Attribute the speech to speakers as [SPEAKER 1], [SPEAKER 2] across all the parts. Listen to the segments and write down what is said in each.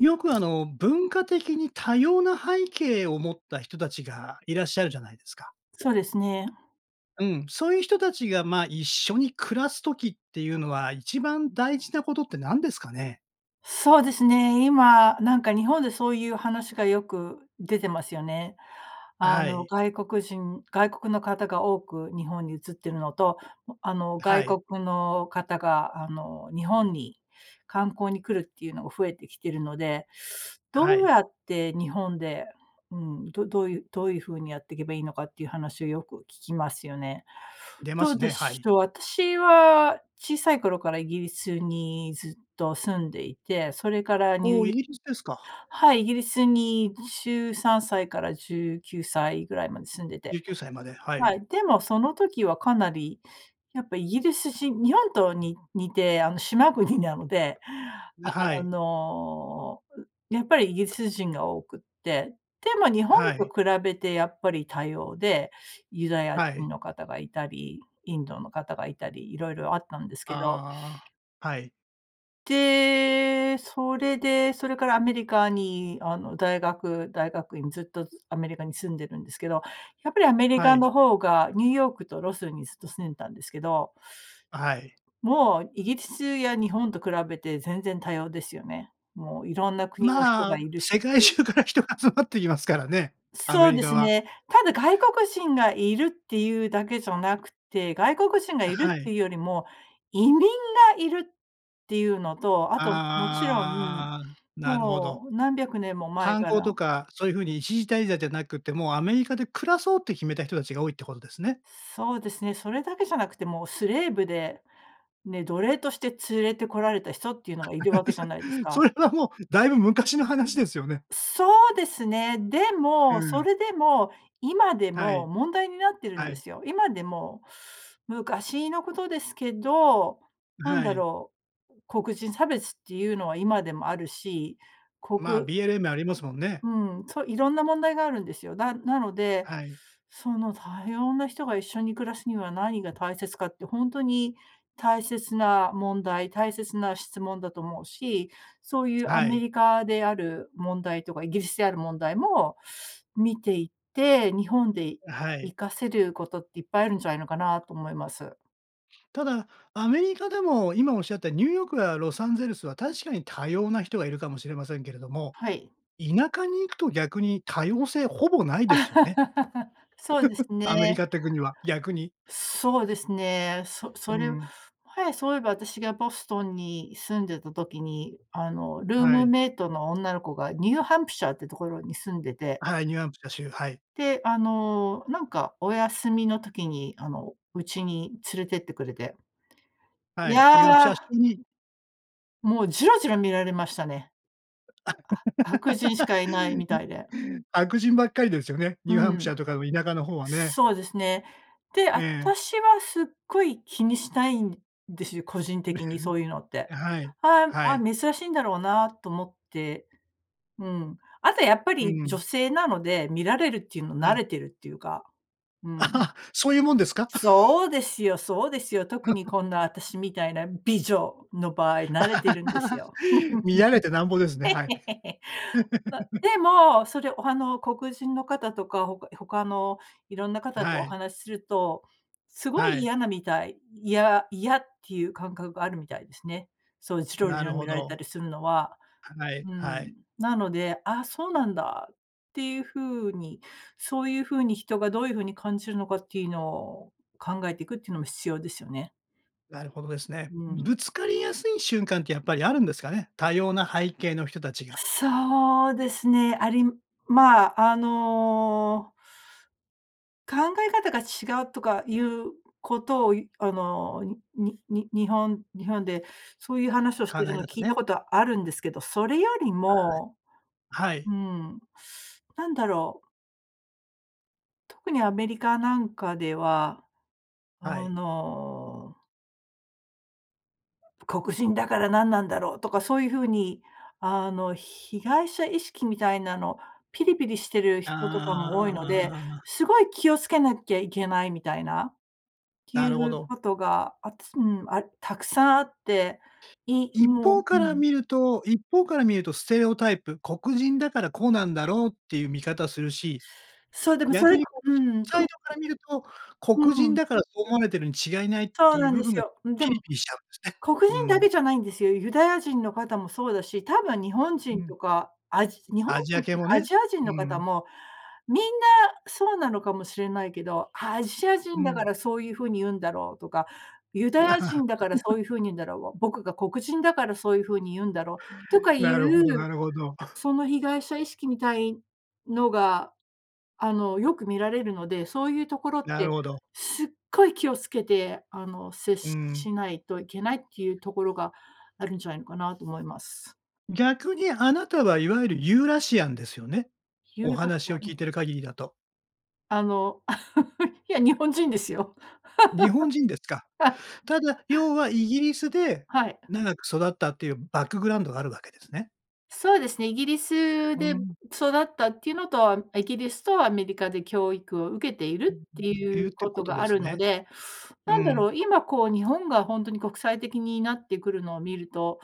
[SPEAKER 1] よく、あの、文化的に多様な背景を持った人たちが、いらっしゃるじゃないですか。
[SPEAKER 2] そうですね。
[SPEAKER 1] うん。そういう人たちが、まあ、一緒に暮らす時っていうのは、一番大事なことって何ですかね？
[SPEAKER 2] そうですね。今なんか、日本でそういう話がよく出てますよね。
[SPEAKER 1] あ、
[SPEAKER 2] あ
[SPEAKER 1] は
[SPEAKER 2] の、
[SPEAKER 1] い。
[SPEAKER 2] 外国人外国の方が多く日本に移っているのと、あの、
[SPEAKER 1] あ、は
[SPEAKER 2] 外
[SPEAKER 1] い。
[SPEAKER 2] 国の方が、あの、日本に観光に来るっていうのが、増えてきてるので。
[SPEAKER 1] あ、は
[SPEAKER 2] どう
[SPEAKER 1] い。
[SPEAKER 2] やって日本で、うん、どどういうどういう風にやっていけばいいのか、っていう話をよく聞きますよね。
[SPEAKER 1] 出ま
[SPEAKER 2] どう
[SPEAKER 1] す
[SPEAKER 2] で
[SPEAKER 1] ね、は
[SPEAKER 2] し
[SPEAKER 1] い。
[SPEAKER 2] ょう。私は小さい頃から、イギリスにずっと住んでいて、それからニュ
[SPEAKER 1] おお、
[SPEAKER 2] ー
[SPEAKER 1] イ
[SPEAKER 2] ヨ
[SPEAKER 1] ギリスですか。
[SPEAKER 2] はい、イギリスに13歳から19歳ぐらいまで住んで
[SPEAKER 1] じ
[SPEAKER 2] て。
[SPEAKER 1] ゅうきゅうさいまで。はい。
[SPEAKER 2] はい。でも、その時はかなり、やっぱイギリス人、日本とに似て、あの、島国なので、
[SPEAKER 1] ぬ、は
[SPEAKER 2] あ
[SPEAKER 1] い。
[SPEAKER 2] の、やっぱりイギリス人が多くって。でも、日本
[SPEAKER 1] は
[SPEAKER 2] と
[SPEAKER 1] い。
[SPEAKER 2] 比べてやっぱり多様で、ユダヤ
[SPEAKER 1] はい。
[SPEAKER 2] 人の方がいたり、インドの方がいたり。色々あったんですけど。
[SPEAKER 1] ああ。はい。
[SPEAKER 2] で、それで、それからアメリカにあの、大学、大学院ずっと、ずアメリカに住んでるんですけど、やっぱりアメリ
[SPEAKER 1] は
[SPEAKER 2] カ
[SPEAKER 1] い。
[SPEAKER 2] の方が、ニューヨークとロスにずっと住んでたんですけど。
[SPEAKER 1] はい。
[SPEAKER 2] もうイギリスや日本と比べて全然多様ですよね。もう色んな国の人
[SPEAKER 1] ま
[SPEAKER 2] が
[SPEAKER 1] あ、
[SPEAKER 2] いる
[SPEAKER 1] 世
[SPEAKER 2] し
[SPEAKER 1] 界中から人が集まってきますからね、ア
[SPEAKER 2] そ
[SPEAKER 1] メ
[SPEAKER 2] う
[SPEAKER 1] リ
[SPEAKER 2] で
[SPEAKER 1] カ
[SPEAKER 2] す
[SPEAKER 1] は。
[SPEAKER 2] ね。ただ外国人がいるっていうだけじゃなくて、外国人が
[SPEAKER 1] あ、
[SPEAKER 2] いる
[SPEAKER 1] は
[SPEAKER 2] っ
[SPEAKER 1] い。
[SPEAKER 2] ていうよりも、移民がいるっていうのと、あともちろん、
[SPEAKER 1] ああ、なるほど。
[SPEAKER 2] もう何百年も前
[SPEAKER 1] 観
[SPEAKER 2] か
[SPEAKER 1] 光
[SPEAKER 2] ら
[SPEAKER 1] とか、そういう風に一時滞在じゃなくってもう、アメリカで暮らそうって決めた人たちが多いってことですね。
[SPEAKER 2] そうですね、それだけじゃなくてもうスレーブで、ね、奴隷として連れてこられた人っていうのがいるわけじゃないです
[SPEAKER 1] そ
[SPEAKER 2] か。
[SPEAKER 1] れはもうだいぶ昔の話ですよね。
[SPEAKER 2] そうですね。で
[SPEAKER 1] うー
[SPEAKER 2] も、そ
[SPEAKER 1] ん。
[SPEAKER 2] れでも、今で
[SPEAKER 1] は
[SPEAKER 2] も、
[SPEAKER 1] い。
[SPEAKER 2] 問題になってるん
[SPEAKER 1] は
[SPEAKER 2] で
[SPEAKER 1] い。
[SPEAKER 2] すよ。今でも、昔のことですけど、なん
[SPEAKER 1] は
[SPEAKER 2] だ
[SPEAKER 1] い。
[SPEAKER 2] ろう、黒人差別っていうのは今でもあるし、こ
[SPEAKER 1] ま、
[SPEAKER 2] く
[SPEAKER 1] BLM ありますもんね。
[SPEAKER 2] うん、そ、いろんな問題があるんですよ。だなので、
[SPEAKER 1] はい。
[SPEAKER 2] その多様な人が一緒に暮らすには何が大切かって、ほんとに大切な問題、大切な質問だと思うし、そういうア
[SPEAKER 1] は
[SPEAKER 2] メ
[SPEAKER 1] い。
[SPEAKER 2] リカである問題とかイギリスである問題も見ていて、日本で
[SPEAKER 1] はい。
[SPEAKER 2] 活かせることっていっぱいあるんじゃないのかなと思います。
[SPEAKER 1] ただ、アメリカでも、今仰ったニューヨークやロサンゼルスは確かに多様な人が居るかもしれませんけれども、
[SPEAKER 2] はい。
[SPEAKER 1] 田舎に行くと逆に多様性ほぼ無いですよね。
[SPEAKER 2] そうです
[SPEAKER 1] アメリ
[SPEAKER 2] ね。
[SPEAKER 1] カって国は、逆に。
[SPEAKER 2] そうですね、そ
[SPEAKER 1] う
[SPEAKER 2] それ、
[SPEAKER 1] ん。
[SPEAKER 2] はやそういえば私がボストンに住んでた時に、あの、ルー
[SPEAKER 1] は
[SPEAKER 2] ム
[SPEAKER 1] い。
[SPEAKER 2] メイトの女の子がニューハンプシャーっていうところに住んでて
[SPEAKER 1] はい、ニューハンプシャー州、はい。
[SPEAKER 2] で、あの、なんかお休みの時に、あの家に連れてってくれて。
[SPEAKER 1] は
[SPEAKER 2] い
[SPEAKER 1] い、ニューアンプ
[SPEAKER 2] や
[SPEAKER 1] シャー州
[SPEAKER 2] あ
[SPEAKER 1] に。
[SPEAKER 2] もうじろじろ見られましたね。あ、白人しかいないみた いで。
[SPEAKER 1] 白人ばっかりですよね。ニ
[SPEAKER 2] う
[SPEAKER 1] ューハンプシャ
[SPEAKER 2] ん。
[SPEAKER 1] ーとかの田舎の方はね。
[SPEAKER 2] そうですね。で、
[SPEAKER 1] え
[SPEAKER 2] あた
[SPEAKER 1] え。
[SPEAKER 2] しはすっごい気にしないんですよ、個人的に そういうのって。
[SPEAKER 1] はい、
[SPEAKER 2] ああ
[SPEAKER 1] は
[SPEAKER 2] ああ、
[SPEAKER 1] い。
[SPEAKER 2] 珍しいんだろうなと思って。うん。あとやっぱ
[SPEAKER 1] う
[SPEAKER 2] り女
[SPEAKER 1] ん。
[SPEAKER 2] 性なので、見られるっていうの
[SPEAKER 1] は
[SPEAKER 2] 慣
[SPEAKER 1] い。
[SPEAKER 2] れてるっていうか。う ん。
[SPEAKER 1] あ、そういうもんですか。
[SPEAKER 2] そうですよそうですよ。特に こんなあたしみたいな美女の場合慣れてるんですよ。
[SPEAKER 1] 見られてなんぼですね、はい。
[SPEAKER 2] ま、でも、それ、おはの黒人の方とか、他他の色んな方と
[SPEAKER 1] は
[SPEAKER 2] お
[SPEAKER 1] い。
[SPEAKER 2] 話しすると、すごい
[SPEAKER 1] はい。
[SPEAKER 2] 嫌なみたい。嫌嫌っていう感覚があるみたいですね。そうジロ
[SPEAKER 1] な
[SPEAKER 2] ジ
[SPEAKER 1] る
[SPEAKER 2] ロ見
[SPEAKER 1] ほ
[SPEAKER 2] られ
[SPEAKER 1] ど。
[SPEAKER 2] たりするのは。
[SPEAKER 1] はい、
[SPEAKER 2] う
[SPEAKER 1] はい。
[SPEAKER 2] ん。なので、ああ、そうなんだ、っていう風に、そういう風に人がどういう風に感じるのかっていうのを、考えていくっていうのも必要ですよね。
[SPEAKER 1] なるほどですね。
[SPEAKER 2] うん。
[SPEAKER 1] ぶつかりやすい瞬間ってやっぱりあるんですかね。多様な背景の人たちが。
[SPEAKER 2] そうですね、ありまあ、あの考え方が違うとかいうことを、いあの、にに日本日本で、そういう話をし
[SPEAKER 1] 考
[SPEAKER 2] てる
[SPEAKER 1] え
[SPEAKER 2] の
[SPEAKER 1] 方
[SPEAKER 2] 聞いた
[SPEAKER 1] ね。
[SPEAKER 2] ことあるんですけど、それよりも、
[SPEAKER 1] はい。はい。
[SPEAKER 2] うーん、なんだろう。特にアメリカなんかでは、あ
[SPEAKER 1] はい。
[SPEAKER 2] の黒人だから何なんだろう、とかそう言う風に、あの、被害者意識みたいなの、ピリピリしてる
[SPEAKER 1] あ
[SPEAKER 2] 人とかも多いので、
[SPEAKER 1] あ。
[SPEAKER 2] 凄い気を付けなきゃいけないみたいな、って
[SPEAKER 1] な
[SPEAKER 2] い
[SPEAKER 1] るほ
[SPEAKER 2] う
[SPEAKER 1] ど。
[SPEAKER 2] ことが、あつうん、沢山あって、い
[SPEAKER 1] 一
[SPEAKER 2] も
[SPEAKER 1] 方
[SPEAKER 2] う、う
[SPEAKER 1] から
[SPEAKER 2] ん。
[SPEAKER 1] 見ると一方から見ると、ステレオタイプ。黒人だから、こうなんだろうっていう見方するし、
[SPEAKER 2] そう、でもそ
[SPEAKER 1] 逆
[SPEAKER 2] れ
[SPEAKER 1] に黒
[SPEAKER 2] う
[SPEAKER 1] 人
[SPEAKER 2] ん。
[SPEAKER 1] サイド
[SPEAKER 2] こ
[SPEAKER 1] から見ると、
[SPEAKER 2] う
[SPEAKER 1] 黒人
[SPEAKER 2] ん。
[SPEAKER 1] だからそう思われてるに違いないっ
[SPEAKER 2] そう
[SPEAKER 1] てい
[SPEAKER 2] な
[SPEAKER 1] う
[SPEAKER 2] ん
[SPEAKER 1] 部
[SPEAKER 2] で
[SPEAKER 1] 分
[SPEAKER 2] す
[SPEAKER 1] が、
[SPEAKER 2] よ。ん、で
[SPEAKER 1] ピ
[SPEAKER 2] も、
[SPEAKER 1] リピリしちゃうんですね。
[SPEAKER 2] 黒
[SPEAKER 1] う
[SPEAKER 2] 人だけ
[SPEAKER 1] ん。
[SPEAKER 2] じゃないんですよ。ユダヤ人の方もそうだし、多分日本
[SPEAKER 1] う
[SPEAKER 2] 人と
[SPEAKER 1] ん。
[SPEAKER 2] か、アジ日本
[SPEAKER 1] アジア
[SPEAKER 2] 人
[SPEAKER 1] 系
[SPEAKER 2] と
[SPEAKER 1] も
[SPEAKER 2] かア
[SPEAKER 1] ね、
[SPEAKER 2] ジア人
[SPEAKER 1] う
[SPEAKER 2] の方
[SPEAKER 1] ん。
[SPEAKER 2] も、みんなそうなのかもしれないけど、アジア
[SPEAKER 1] う
[SPEAKER 2] 人だか
[SPEAKER 1] ん。
[SPEAKER 2] ら、そういう風に言うんだろうとか、ユダヤ人だから、そ ういう風に言うんだろう、僕が黒人だから、そういう風に言うんだろう、とか
[SPEAKER 1] な
[SPEAKER 2] 言
[SPEAKER 1] るほ
[SPEAKER 2] う、
[SPEAKER 1] どなるほど。
[SPEAKER 2] その被害者意識みたいのが、あの、よく見られるので、そういうところっ
[SPEAKER 1] なる
[SPEAKER 2] て、
[SPEAKER 1] ほど。
[SPEAKER 2] すっごい気を付けて、あの、接
[SPEAKER 1] う
[SPEAKER 2] し
[SPEAKER 1] ん。
[SPEAKER 2] しないといけないっていうところがあるんじゃないのかなと思います。
[SPEAKER 1] 逆にあなたはいわゆるユーラシアンですよね？
[SPEAKER 2] ユー
[SPEAKER 1] お
[SPEAKER 2] ラシ
[SPEAKER 1] 話を
[SPEAKER 2] ア
[SPEAKER 1] 聞い
[SPEAKER 2] ン？
[SPEAKER 1] てる限りだと。
[SPEAKER 2] あの、いや日本人ですよ。
[SPEAKER 1] 日本人ですか。
[SPEAKER 2] はい。
[SPEAKER 1] ただ、要はイギリスで
[SPEAKER 2] はい。
[SPEAKER 1] 長く育ったっていうバックグラウンドがあるわけですね。
[SPEAKER 2] そうですね、イギリス
[SPEAKER 1] うー
[SPEAKER 2] で
[SPEAKER 1] ん。
[SPEAKER 2] 育ったっていうのとは、あんイギリスとアメリカで教育を受けているって
[SPEAKER 1] [unintelligible] い
[SPEAKER 2] い
[SPEAKER 1] うっ
[SPEAKER 2] う
[SPEAKER 1] ていう
[SPEAKER 2] こ
[SPEAKER 1] こ
[SPEAKER 2] と
[SPEAKER 1] と
[SPEAKER 2] が
[SPEAKER 1] で
[SPEAKER 2] あ
[SPEAKER 1] す
[SPEAKER 2] るの
[SPEAKER 1] ね。
[SPEAKER 2] で、
[SPEAKER 1] う
[SPEAKER 2] なんだ
[SPEAKER 1] ん。
[SPEAKER 2] ろう、今、こう、日本が本当に国際的になってくるのを見ると、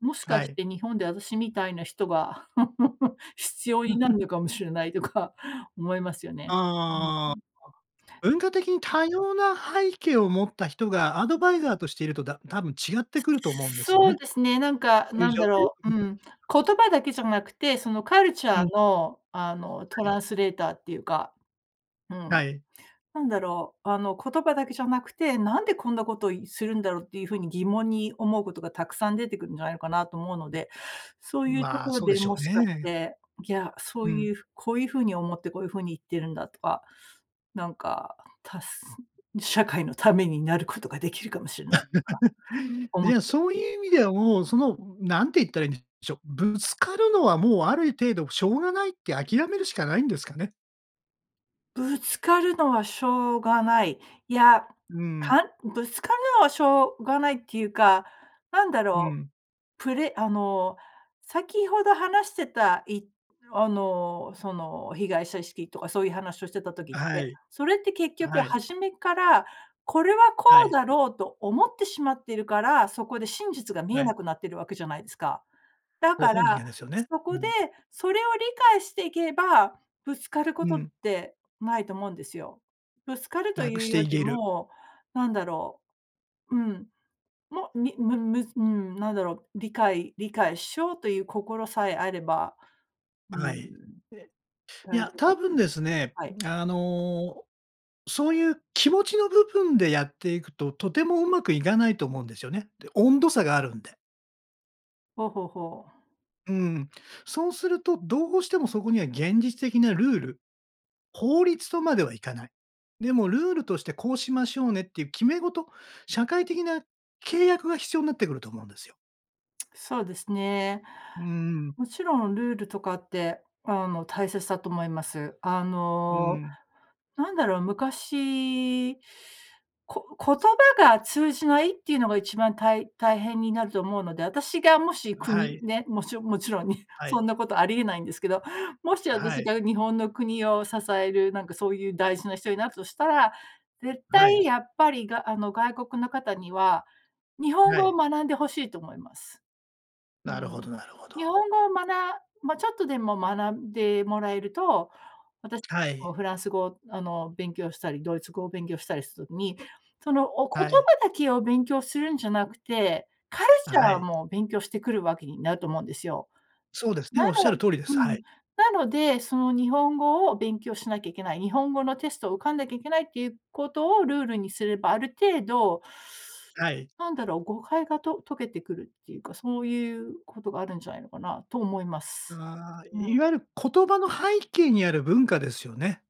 [SPEAKER 2] もし
[SPEAKER 1] は
[SPEAKER 2] かし
[SPEAKER 1] い。
[SPEAKER 2] て日本で私みたいな人が 必要になるの かもしれないとか思いますよ
[SPEAKER 1] あ
[SPEAKER 2] ね。う
[SPEAKER 1] あああ。あ、
[SPEAKER 2] ん。
[SPEAKER 1] 文化的に多様な背景を持った人がアドバイザーとしていると、だたぶん違ってくると思うんですよ
[SPEAKER 2] そう
[SPEAKER 1] ね。
[SPEAKER 2] ですね、なんか、
[SPEAKER 1] そういう
[SPEAKER 2] なん
[SPEAKER 1] 状
[SPEAKER 2] だ
[SPEAKER 1] 態よ
[SPEAKER 2] ろ
[SPEAKER 1] く
[SPEAKER 2] う、う
[SPEAKER 1] 見てた
[SPEAKER 2] ん、
[SPEAKER 1] し。
[SPEAKER 2] 言葉だけじゃなくて、そのカルチ
[SPEAKER 1] う
[SPEAKER 2] ャー
[SPEAKER 1] ん。
[SPEAKER 2] の、あの、ト
[SPEAKER 1] はい。
[SPEAKER 2] ランスレーターっていうか、うん、
[SPEAKER 1] はい。
[SPEAKER 2] なんだろう、あの、言葉だけじゃなくて、なんでこんなことを、いするんだろうっていうふうに疑問に思うことがたくさん出てくるんじゃないのかなと思うの
[SPEAKER 1] う
[SPEAKER 2] で、そう
[SPEAKER 1] ん。
[SPEAKER 2] いうと
[SPEAKER 1] まあ、
[SPEAKER 2] ころ
[SPEAKER 1] そうで
[SPEAKER 2] で
[SPEAKER 1] しょ
[SPEAKER 2] も
[SPEAKER 1] う
[SPEAKER 2] しかし
[SPEAKER 1] ね。
[SPEAKER 2] て、いや、そ
[SPEAKER 1] う
[SPEAKER 2] う
[SPEAKER 1] ん。
[SPEAKER 2] いう、こういうふうに思ってこういうふうに言ってるんだとか、なんか、たす社会のためになることができるかもしれないとか 思っ
[SPEAKER 1] じゃ、
[SPEAKER 2] て。
[SPEAKER 1] そういう意味ではもう、その、何て言ったらいんでしょう、ぶつかるのはもうある程度、しょうがないって諦めるしかないんですかね。
[SPEAKER 2] ぶつかるのはしょうがない。いや、
[SPEAKER 1] うん。
[SPEAKER 2] かぶつかるのはしょうがないっていうか、なんだ
[SPEAKER 1] う
[SPEAKER 2] ろ
[SPEAKER 1] ん。
[SPEAKER 2] う、プレあの、先ほど話してた、いあの、その、被害者意識とかそういう話をしてた時っ
[SPEAKER 1] は
[SPEAKER 2] て、
[SPEAKER 1] い。
[SPEAKER 2] それって結局
[SPEAKER 1] はい。
[SPEAKER 2] 始めっから、これはこ
[SPEAKER 1] は
[SPEAKER 2] う
[SPEAKER 1] い。
[SPEAKER 2] だろうと思ってしまってるから、そこで真実が見
[SPEAKER 1] は
[SPEAKER 2] え
[SPEAKER 1] い。
[SPEAKER 2] なくなってるわけじゃないですか。だ
[SPEAKER 1] ご
[SPEAKER 2] か
[SPEAKER 1] 本人
[SPEAKER 2] ら、
[SPEAKER 1] がですよね。
[SPEAKER 2] そ
[SPEAKER 1] う
[SPEAKER 2] こで、
[SPEAKER 1] ん。
[SPEAKER 2] それを理解していけば、ぶつかるこ
[SPEAKER 1] う
[SPEAKER 2] とっ
[SPEAKER 1] ん。
[SPEAKER 2] てないと思うんですよ。ぶつかると
[SPEAKER 1] なく
[SPEAKER 2] い
[SPEAKER 1] し
[SPEAKER 2] う
[SPEAKER 1] て
[SPEAKER 2] よ
[SPEAKER 1] い
[SPEAKER 2] り
[SPEAKER 1] げる。
[SPEAKER 2] も、なんだろう。うん、もみむむず、ん、なんだろう、理解理解しようという心さえあれば、う
[SPEAKER 1] は
[SPEAKER 2] ん。
[SPEAKER 1] い。えい
[SPEAKER 2] 大
[SPEAKER 1] や、
[SPEAKER 2] 丈夫だ
[SPEAKER 1] 多
[SPEAKER 2] と、
[SPEAKER 1] 分ですね、
[SPEAKER 2] はい。
[SPEAKER 1] あの、そういう気持ちの部分でやっていくと、とてもうまくいかないと思うんですよね。で、温度差があるんで。
[SPEAKER 2] ほうほうほう。
[SPEAKER 1] うん。そうすると、どうしてもそこには現実的なルール、法律とまではいかない。でもルールとしてこうしましょうねっていう決め事、社会的な契約が必要なってくると思うんですよ。
[SPEAKER 2] そうですね。
[SPEAKER 1] うん。
[SPEAKER 2] もちろんルールとかって、あの大切だと思います。あ
[SPEAKER 1] う
[SPEAKER 2] の、
[SPEAKER 1] ん。
[SPEAKER 2] なんだろう、昔、こ言葉が通じないっていうのが一番たい大変になると思うので、私がもし
[SPEAKER 1] あ、は
[SPEAKER 2] 国、
[SPEAKER 1] い。
[SPEAKER 2] ね、もちろもちろんね、
[SPEAKER 1] はい。
[SPEAKER 2] そんなことありえないんですけど、もし
[SPEAKER 1] あ、は
[SPEAKER 2] 私
[SPEAKER 1] い。
[SPEAKER 2] が日本の国を支える、なんかそういう大事な人になるとしたら、絶
[SPEAKER 1] は
[SPEAKER 2] 対
[SPEAKER 1] い。
[SPEAKER 2] やっぱりがあの、外国の方には、日本
[SPEAKER 1] は
[SPEAKER 2] 語を
[SPEAKER 1] い。
[SPEAKER 2] 学んで欲しいと思います。う
[SPEAKER 1] なるほ
[SPEAKER 2] ん。
[SPEAKER 1] どなるほ
[SPEAKER 2] 日本
[SPEAKER 1] ど。
[SPEAKER 2] 語をまなま、ちょっとでも学んでもらえると、私
[SPEAKER 1] は
[SPEAKER 2] も
[SPEAKER 1] い。
[SPEAKER 2] フランス語をあの、勉強したり、ドイツ語を勉強したりするに、その、お言
[SPEAKER 1] はい。
[SPEAKER 2] 葉だけを勉強するんじゃなくて、カル
[SPEAKER 1] あ、
[SPEAKER 2] チ
[SPEAKER 1] は
[SPEAKER 2] ャー
[SPEAKER 1] い。
[SPEAKER 2] も勉強してくるわけになると思うんですよ。
[SPEAKER 1] そうですね、
[SPEAKER 2] なの
[SPEAKER 1] 仰る通りで
[SPEAKER 2] う
[SPEAKER 1] す。は
[SPEAKER 2] ん、
[SPEAKER 1] い。
[SPEAKER 2] なので、その日本語を勉強しなきゃいけない、日本語のテストを受かんなきゃいけないっていうことをルールにすれば、ある程度、
[SPEAKER 1] はい。
[SPEAKER 2] なんだろう、誤解がと解けてくるっていうか、そういうことがあるんじゃないのかなと思います。
[SPEAKER 1] ああ、
[SPEAKER 2] うん。
[SPEAKER 1] いわゆる言葉の背景にある文化ですよね。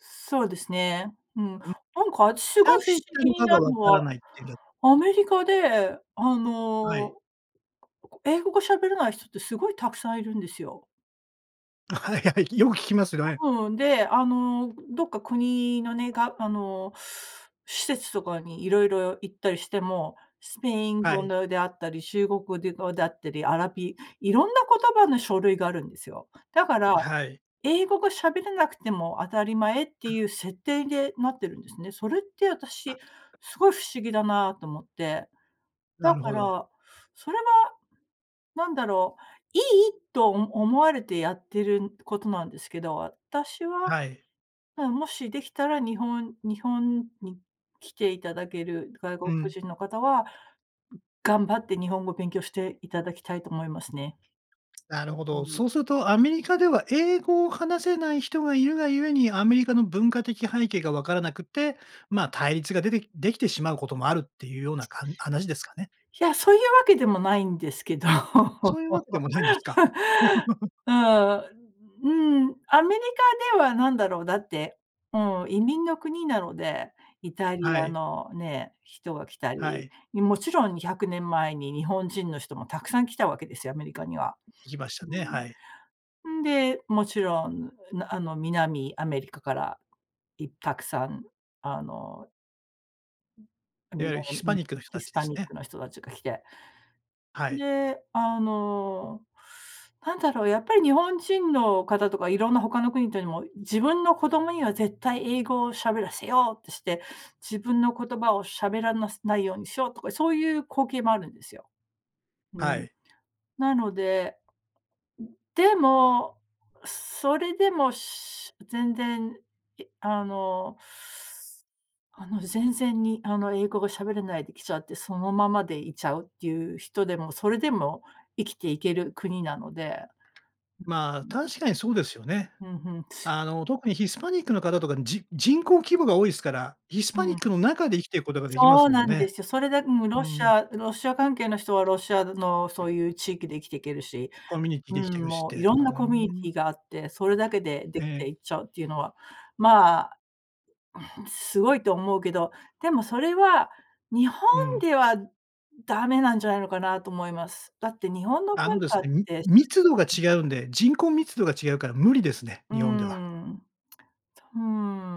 [SPEAKER 2] そうですね。うん。
[SPEAKER 1] ん、
[SPEAKER 2] なんか、あたしが不思
[SPEAKER 1] なぜ行った
[SPEAKER 2] 議
[SPEAKER 1] の
[SPEAKER 2] に
[SPEAKER 1] か
[SPEAKER 2] な
[SPEAKER 1] が
[SPEAKER 2] る
[SPEAKER 1] 分
[SPEAKER 2] の
[SPEAKER 1] から
[SPEAKER 2] は、
[SPEAKER 1] ないっていう。
[SPEAKER 2] アメリカで、あ
[SPEAKER 1] はい。
[SPEAKER 2] の英語が喋れない人って凄い沢山いるんですよ。
[SPEAKER 1] あ、はいはい、よく聞きますどね。
[SPEAKER 2] ううん、で、あの、どっか国のねが、あの、施設とかに色々行ったりしても、スペイン
[SPEAKER 1] は
[SPEAKER 2] 語
[SPEAKER 1] い。
[SPEAKER 2] のであったり、中国語であったり、アラビ色んな言葉の書類があるんですよ。だから、
[SPEAKER 1] はい。
[SPEAKER 2] 英語が喋れなくても、当たり前って
[SPEAKER 1] う
[SPEAKER 2] い
[SPEAKER 1] ん。
[SPEAKER 2] う設定でなってるんですね。それってあたし、凄い不思議だなと思って。
[SPEAKER 1] な
[SPEAKER 2] だ
[SPEAKER 1] る
[SPEAKER 2] か
[SPEAKER 1] ほど。
[SPEAKER 2] ら、それは、何だろう、いいとお思われてやってることなんですけど、私は、
[SPEAKER 1] はい。
[SPEAKER 2] まあ、もし出来たら、日本日本に来て頂ける外
[SPEAKER 1] う
[SPEAKER 2] 国
[SPEAKER 1] ん。
[SPEAKER 2] 人の方は、頑張って日本語勉強して頂きたいと思いますね。
[SPEAKER 1] なるほ
[SPEAKER 2] う
[SPEAKER 1] ど。
[SPEAKER 2] ん。
[SPEAKER 1] そうすると、アメリカでは英語を話せない人がいるがゆえに、アメリカの文化的背景が分からなくて、まあ、対立が出て出来てしまう事もあるって言う様なかん話ですかね。
[SPEAKER 2] いや、そう言う訳でもないんですけど、
[SPEAKER 1] そ う言う訳でもないんですか？
[SPEAKER 2] うーん、うん、アメリカでは何だろう。だって、うん、移民の国なので、イタリ
[SPEAKER 1] は
[SPEAKER 2] ア
[SPEAKER 1] い。
[SPEAKER 2] のね、人が来た
[SPEAKER 1] は
[SPEAKER 2] り、
[SPEAKER 1] い。
[SPEAKER 2] 勿論200年前に、日本人の人も沢山来たわけですよ、アメリカには。
[SPEAKER 1] 行きましたね、はい。
[SPEAKER 2] うん。んで、勿論、うあの、南アメリカからい沢山、あの
[SPEAKER 1] いわゆるヒスパ
[SPEAKER 2] [unintelligible]
[SPEAKER 1] ニックの人
[SPEAKER 2] ヒ
[SPEAKER 1] たち
[SPEAKER 2] ス
[SPEAKER 1] で
[SPEAKER 2] パ
[SPEAKER 1] す
[SPEAKER 2] ニッ
[SPEAKER 1] ね。
[SPEAKER 2] クの人達が来て。
[SPEAKER 1] はい。
[SPEAKER 2] で、あの、なんだろう、やっぱり日本人の方とかいろんな他の国というのも、自分の子供には絶対英語を喋らせようとして、自分の言葉を喋らなないようにしようとか、そういう光景もあるんですよ。う
[SPEAKER 1] は
[SPEAKER 2] ん。
[SPEAKER 1] い。
[SPEAKER 2] なので、でも、すそれでも、し全然あの、あの全然にあの英語が喋れないで来ちゃって、そのままでいちゃうっていう人でも、それでも生きていける国なので。
[SPEAKER 1] まあ、確かにそうですよね。
[SPEAKER 2] ふんふん。
[SPEAKER 1] あの特にヒスパニックの方とか、じ人口規模が多いっすから、ヒス
[SPEAKER 2] う
[SPEAKER 1] パニッ
[SPEAKER 2] ん。
[SPEAKER 1] クの中で生きていくことができま
[SPEAKER 2] そ
[SPEAKER 1] す
[SPEAKER 2] う
[SPEAKER 1] もん
[SPEAKER 2] なんで
[SPEAKER 1] ね。
[SPEAKER 2] すよ。それでも
[SPEAKER 1] う
[SPEAKER 2] ロシ
[SPEAKER 1] ん。
[SPEAKER 2] アロシア関係の人はロシアのそういう地域で生きていけるし、
[SPEAKER 1] コミュニティ
[SPEAKER 2] うー
[SPEAKER 1] で生きて
[SPEAKER 2] ん、
[SPEAKER 1] くしっ
[SPEAKER 2] も
[SPEAKER 1] て。
[SPEAKER 2] うい
[SPEAKER 1] う
[SPEAKER 2] ろんなコミュニ
[SPEAKER 1] ー
[SPEAKER 2] テ
[SPEAKER 1] ん。
[SPEAKER 2] ィがあって、それだけででき
[SPEAKER 1] ええ。
[SPEAKER 2] ていっちゃうっていうのは、まあ、すごいと思うけど、でもそれは日本
[SPEAKER 1] うん。
[SPEAKER 2] ではダメなんじゃないのかなと思います。だって日本の
[SPEAKER 1] あの
[SPEAKER 2] 文
[SPEAKER 1] です
[SPEAKER 2] 化っ
[SPEAKER 1] ね、み
[SPEAKER 2] て。
[SPEAKER 1] 密度が違うんで、人口密度が違うから無理ですね、
[SPEAKER 2] うー
[SPEAKER 1] 日本では。
[SPEAKER 2] ん、そ、ふう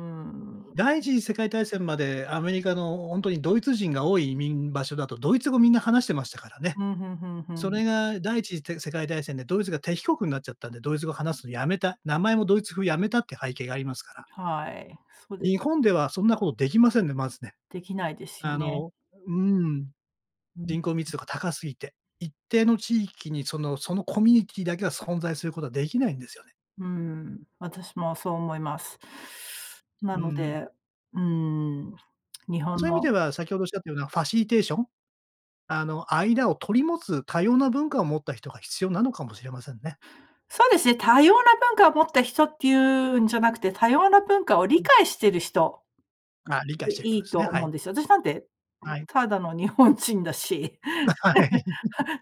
[SPEAKER 2] ん。
[SPEAKER 1] 第一次世界大戦までアメリカの本当にドイツ人が多い移民場所だと、ドイツ語みんな話してましたからね。
[SPEAKER 2] ふんふんふんふ
[SPEAKER 1] それ
[SPEAKER 2] ん。
[SPEAKER 1] が第一次せ世界大戦でドイツが敵国になっちゃったんで、ドイツ語話すのやめた、名前もドイツ風やめたっていう背景がありますから。
[SPEAKER 2] はい、そうで
[SPEAKER 1] 日
[SPEAKER 2] す。
[SPEAKER 1] 本ではそんなことできませんね、まずね。
[SPEAKER 2] できないですよ
[SPEAKER 1] あ
[SPEAKER 2] ね。
[SPEAKER 1] の、うん、
[SPEAKER 2] うん。
[SPEAKER 1] 人口密度が高すぎて、一定の地域にそのそのコミュニティだけは存在することはできないんですよね。
[SPEAKER 2] うーん、私もそう思います。な
[SPEAKER 1] う
[SPEAKER 2] の
[SPEAKER 1] ん。
[SPEAKER 2] で、うーん、日本
[SPEAKER 1] そういう意味
[SPEAKER 2] の
[SPEAKER 1] では、先ほどおっしゃったようなファシリテーション？あの間を取り持つ多様な文化を持った人が必要なのかもしれませんね。
[SPEAKER 2] そうですね、多様な文化を持った人っていうんじゃなくて、多様な文化を
[SPEAKER 1] う
[SPEAKER 2] 理
[SPEAKER 1] ん。
[SPEAKER 2] 解している人。
[SPEAKER 1] あ、理解
[SPEAKER 2] で、
[SPEAKER 1] してる人
[SPEAKER 2] い
[SPEAKER 1] で
[SPEAKER 2] い
[SPEAKER 1] す
[SPEAKER 2] と
[SPEAKER 1] ね、は
[SPEAKER 2] 思うん
[SPEAKER 1] い。
[SPEAKER 2] ですよ。私なんて
[SPEAKER 1] はい。
[SPEAKER 2] ただの日本人だし。
[SPEAKER 1] はい。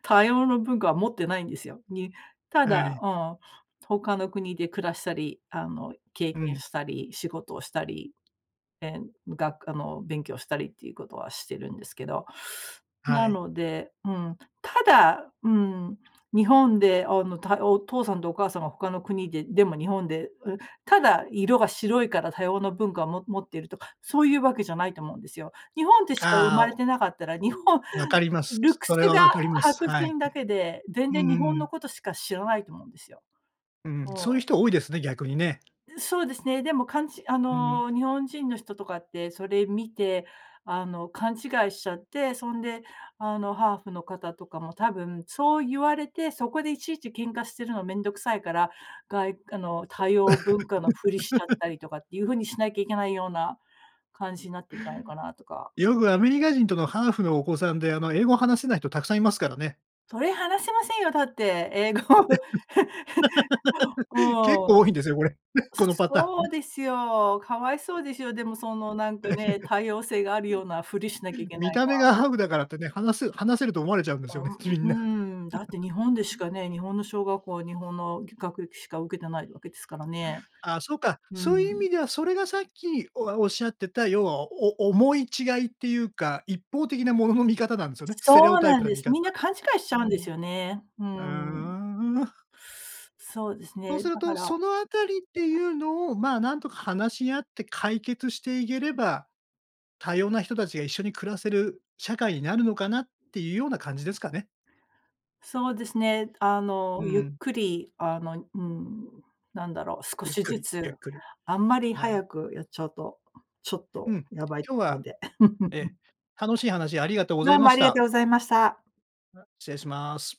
[SPEAKER 2] 多様な文化は持ってないんですよ。にた
[SPEAKER 1] は
[SPEAKER 2] だ、
[SPEAKER 1] い。
[SPEAKER 2] ああ、他の国で暮らしたり、あの、経
[SPEAKER 1] う
[SPEAKER 2] 験
[SPEAKER 1] ん。
[SPEAKER 2] したり、仕事をしたり、ええ、がくあの、勉強したりっていうことはしてるんですけど、な
[SPEAKER 1] はい。
[SPEAKER 2] ので、うん、ただ、うん、日本で、あの、たお父さんとお母さんは他の国で、でも日本で、うただ色が白いから多様な文化を、も持っているとか、そういうわけじゃないと思うんですよ。日本でしか生ま
[SPEAKER 1] ああ
[SPEAKER 2] れ
[SPEAKER 1] [unintelligible]
[SPEAKER 2] てなかったら、日本、
[SPEAKER 1] 分かります。
[SPEAKER 2] ルック
[SPEAKER 1] そ
[SPEAKER 2] ス
[SPEAKER 1] れは
[SPEAKER 2] が
[SPEAKER 1] 分かります。
[SPEAKER 2] 白
[SPEAKER 1] はい。
[SPEAKER 2] 人だけで、全
[SPEAKER 1] う
[SPEAKER 2] 然日本の
[SPEAKER 1] ん。
[SPEAKER 2] ことしか知らないと思うんですよ。
[SPEAKER 1] うん、
[SPEAKER 2] う
[SPEAKER 1] そういう
[SPEAKER 2] ん。
[SPEAKER 1] 人多いですね、逆にね。
[SPEAKER 2] で、そうですね、でも、かんちあ
[SPEAKER 1] うん。
[SPEAKER 2] の、日本人の人とかって、それ見て、あの、勘違いしちゃって、そんで、あの、ハーフの方とかも多分そう言われて、そこでいちいち喧嘩してるの面倒くさいから、がいあの多様文化のふりしちゃったり とかっていうふうにしなきゃいけないような感じになってんじゃないのかなとか。
[SPEAKER 1] よくアメリカ人とかハーフのお子さんであの英語を話せない人たくさんいますからね。
[SPEAKER 2] それ話せませんよ、だって英語。
[SPEAKER 1] 結
[SPEAKER 2] うん。
[SPEAKER 1] 構多いんですよ、これ。このパタ
[SPEAKER 2] そ
[SPEAKER 1] ー
[SPEAKER 2] う
[SPEAKER 1] ン。
[SPEAKER 2] ですよ、かわいそうですよ。でもそのなん か
[SPEAKER 1] う
[SPEAKER 2] ね、多様性があるようなふりしなきゃい
[SPEAKER 1] ん。
[SPEAKER 2] け
[SPEAKER 1] 見
[SPEAKER 2] ない
[SPEAKER 1] た
[SPEAKER 2] の
[SPEAKER 1] 目
[SPEAKER 2] は。
[SPEAKER 1] がハーフだからってね、話す話せると思われちゃうんです
[SPEAKER 2] あ
[SPEAKER 1] よね、きりんな。
[SPEAKER 2] ん、うーん、だって 日本でしかね、日本の小学校は日本の学歴しか受けてないわけですからね。
[SPEAKER 1] ああ、そうか、
[SPEAKER 2] う
[SPEAKER 1] そういう意
[SPEAKER 2] ん。
[SPEAKER 1] 味ではそれがさっき、おあ、おっしゃってた、ようは、おお思い違いっていうか、一方的なものの見方なんですよね、ステレ
[SPEAKER 2] そ
[SPEAKER 1] オ
[SPEAKER 2] う
[SPEAKER 1] タイ
[SPEAKER 2] なん
[SPEAKER 1] プの
[SPEAKER 2] で
[SPEAKER 1] 見
[SPEAKER 2] す。
[SPEAKER 1] 方。
[SPEAKER 2] みんな勘違いしちゃ
[SPEAKER 1] う
[SPEAKER 2] うんで
[SPEAKER 1] ん。
[SPEAKER 2] すよね。う
[SPEAKER 1] う
[SPEAKER 2] ん。
[SPEAKER 1] ーん。
[SPEAKER 2] そうです
[SPEAKER 1] そう
[SPEAKER 2] ね、
[SPEAKER 1] する
[SPEAKER 2] だか
[SPEAKER 1] と、
[SPEAKER 2] ら。
[SPEAKER 1] そのあたりっていうのをまあ、何とか話し合って解決していければ、多様な人たちが一緒に暮らせる社会になるのかなっていうような感じですかね。
[SPEAKER 2] そうですね、あの、
[SPEAKER 1] う
[SPEAKER 2] ゆっ
[SPEAKER 1] ん。
[SPEAKER 2] くりあの、うん、なんだろう、少
[SPEAKER 1] ゆっ
[SPEAKER 2] し
[SPEAKER 1] く
[SPEAKER 2] ず
[SPEAKER 1] り、
[SPEAKER 2] つ
[SPEAKER 1] ゆっくり。
[SPEAKER 2] あんまり
[SPEAKER 1] はい。
[SPEAKER 2] 早くやっちゃうと、ちょっ
[SPEAKER 1] う
[SPEAKER 2] と
[SPEAKER 1] ん。
[SPEAKER 2] やばいと
[SPEAKER 1] 今日
[SPEAKER 2] ころ
[SPEAKER 1] は、
[SPEAKER 2] で。
[SPEAKER 1] え、楽しい話ありがとうござ
[SPEAKER 2] ど
[SPEAKER 1] い
[SPEAKER 2] う
[SPEAKER 1] ま
[SPEAKER 2] もあ
[SPEAKER 1] し
[SPEAKER 2] りがとう
[SPEAKER 1] た。
[SPEAKER 2] ございました。
[SPEAKER 1] あ、失礼します。